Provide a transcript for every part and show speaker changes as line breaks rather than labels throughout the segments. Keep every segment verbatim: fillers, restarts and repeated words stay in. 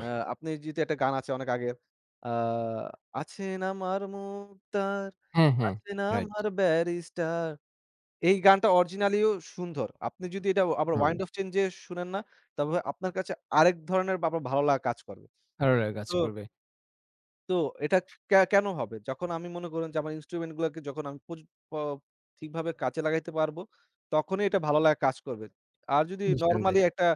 আ আপনি জিতে একটা গান আছে অনেক আগের আ আছেন আমার মুক্তার,
হ্যাঁ, হ্যাঁ।
আছেন
Right.
আমার ব্যারিস্টার। এই গানটা original-ইও সুন্ধর। আপনি যদি এটা আবার wind
হ।
of change-এ শোনেন না, তবে আপনার কাছে আরেক ধরনের বা বা ভালো লাগা কাজ করবে।
[unintelligible] কাজ
তো
করবে।
তো, এটা কে কেনো হবে? যখন আমি মনে করুন যে আমার instrument গুলাকে যখন আমি পজি প ঠিকভাবে কাজে লাগাইতে পারবো, তখনই এটা ভালো লাগা কাজ করবে। আর যদি
নিঃসন্ধে
normally একটা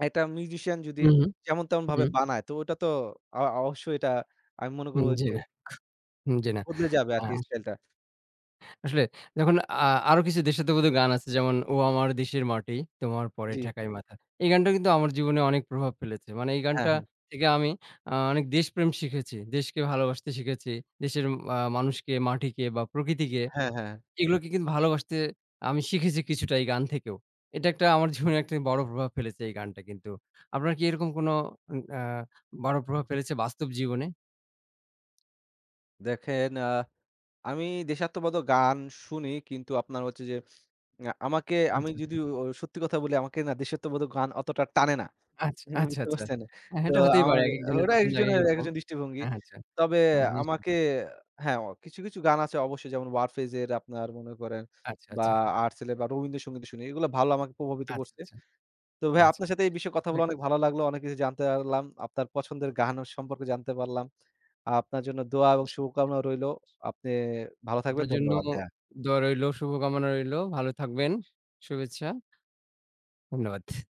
একটা musician যদি
উঁহু,
যেমন-তেমনভাবে
হুম।
বানায়, তো ওটা তো অ অবশ্যই এটা আমি মনে করব
হুম, জি
যে
না। হুম, জি না।
বদলে যাবে
আর
আরকি style ন -টা।
আসলে দেখুন, আ আরো কিছু দেশাত্মবোধক গান আছে। যেমন, ও আমার দেশের মাটি, তোমার পরে
জি।
ঠেকাই মাথা। এই গানটা কিন্তু আমার জীবনে অনেক প্রভাব ফেলেছে। মানে, এই
হ্যাঁ,
গানটা
হ্যাঁ।
থেকে আমি আ অনেক দেশপ্রেম শিখেছি, দেশকে ভালোবাসতে শিখেছি দেশের আ মানুষকে, মাটিকে বা প্রকৃতিকে,
হ্যাঁ, হ্যাঁ।
এগুলোকে কিন্তু ভালোবাসতে আমি শিখেছি কিছুটা এই গান থেকেও। এটা একটা আমার জীবনে একটা বড় প্রভাব ফেলেছে এই গানটা কিন্তু। আপনার কি এরকম কোন উম আ বড় প্রভাব ফেলেছে বাস্তব জীবনে?
দেখেন, আ আমি দেশাত্মবোধক গান শুনি কিন্তু, আপনার হচ্ছে যে আ আমাকে আমি
আচ্ছা, আচ্ছা।
যদি সত্যি কথা বলি, আমাকে না দেশাত্মবোধক গান অতটা টানে না।
আচ আচ্ছা,
বুঝতে
আচ্ছা।
পারছেন?
হ্যাঁ,
তো
এটা হতেই পারে।
আমার
একেকজনের
ওটা
পছন্দ একেক
একজনের,
রকম।
একজনের দৃষ্টিভঙ্গি।
আচ্ছা।
তবে
আর নিশ্চয়ই।
আমাকে হ্যাঁ, কিছু, কিছু গান আছে অবশ্যই, যেমন ওয়ারফেজের, আপনার মনে করেন,
আচ্চা,
বা
আচ্চা
আর্টসেল বা রবীন্দ্রসঙ্গীত শুনি। এগুলা ভালো, আমাকে প্রভাবিত করছে।
আচ্চা, আচ্চা।
তো ভাইয়া,
আচ্ছা।
আপনার সাথে এই বিষয়ে কথা
দেক
বলা অনেক ভালো লাগলো। অনেক কিছু জানতে আরলাম। আপনার পছন্দের গান অ সম্পর্কে জানতে পারলাম। আপনার জন্য দোয়া এবং শুভকামনা রইলো। আপনি ভালো থাকবেন।
আপনার জন্য
ধন্যবাদ ভাইয়া।
দোয়া রইল, শুভকামনা রইল। ভালো থাকবেন। শু শুভেচ্ছা। ধন্যবাদ।